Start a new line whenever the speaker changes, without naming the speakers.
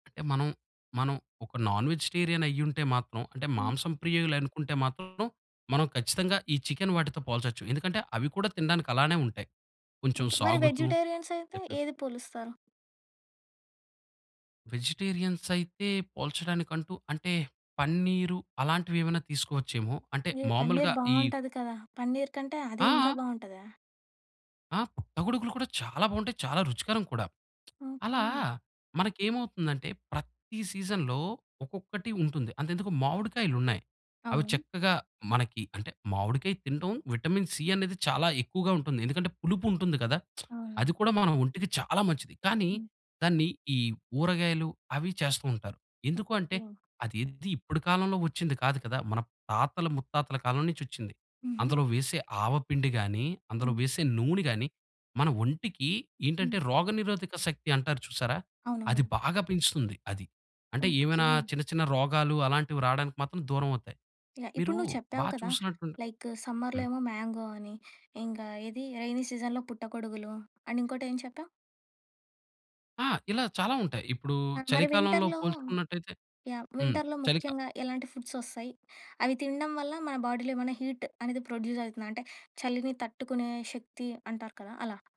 అంటే మనం, మనం ఒక నాన్-వెజిటేరియనయ్యుంటే మాత్రం, అంటే
హ్మ్.
మాంసం ప్రియలనుకుంటే మాత్రం, మనం ఖచ్చితంగా ఈ చికెన్ వాటితో పోల్చొచ్చు. ఎందుకంటే, అవి కూడా తిండానికలానే ఉంటాయి. కొంచెం
అంతే. మరి
సాగుతూ
వెజుటేరియన్సయితే
[unintelligible]
ఏది పోలుస్తారు?
వెజిటేరియన్సైతే పోల్చడానికంటూ అంటే, పన్నీరు అలాంటివేవన్నా తీసుకోవచ్చోమో. అంటే
ఏహ్! పన్నీర్
మామూలుగా ఈ
బావుంటది కదా! పన్నీర్ కంటే అదీ ఇంకా
ఆ!
బావుంటదా?
ఆ! పుట్టగొడుగులు కూడా చాలా బాగుంటాయి, చాలా రుచికరం కూడా. అలా
ఓకే.
మనకేమవుతుందంటే, ప్రతి సీజన్‌లో ఒక్కొక్కటి ఉంటుంది. అంతెందుకు మామిడికాయలున్నాయి, అవి
అవును.
చక్కగా మనకి అంటే, మామిడికాయ తింటం విటమిన్ సి అన్నది చాలా ఎక్కువగా ఉంటుంది. ఎందుకంటే, పులుపుంటుంది కదా!
ఆహా!
అది కూడా మన ఒంటికి చాలా మంచిది. కానీ
హ్మ్.
దాన్ని ఈ ఊరగాయలు అవి చేస్తూ ఉంటారు. ఎందుకూ అంటే,
ఓకే.
అది ఎది, ఇప్పుడకాలంలో ఒచ్చింది కాదు కదా! మన తాతల ముత్తాతల కాలం నుంచొచ్చింది.
హుహు.
అందులో వేసే ఆవపిండి గాని, అందులో
హ్మ్.
వేసే నూనె గాని, మన ఒంటికి ఏంటంటే
హ్మ్.
రోగనిరోధక శక్తి అంటారు చూసారా? అది
అవునవును.
బాగా పెంచుతుంది అది. అంటే ఏమైనా
ఓకే.
చిన్న చిన్న రోగాలు అలాంటివి రాడానికి మాత్రం దూరమవుతయి.
యాహ్!
మీరు
ఇప్పుడు నువ్వు
బా
చెప్పావు కదా!
చూసినట్టుండే
లైక్ సమ్మర్‌లో
హ్మ్.
ఏమో మ్యాంగో అని, ఇంకా ఏది రెయినీ సీజన్‌లో పుట్టకొడుగులు, అండ్ ఇంకోటేం చెప్పావు?
ఆ! ఇలా చాలా ఉంటాయి. ఇప్పుడూ
ఆ! మరి
చలికాలంలో
వింటర్‌లో
పోల్చుకున్నట్టయితే
యాహ్!
హ్మ్.
వింటర్‌లో
చలికా
ముఖ్యంగా ఎలాంటి ఫుడ్సొస్తాయి? అవి తిండం వల్ల, మన బాడీలో ఏమైనా హీట్ అనేది ప్రొడ్యూజైతుందా? అంటే, చలిని తట్టుకునే శక్తి అంటారు కదా! అలా.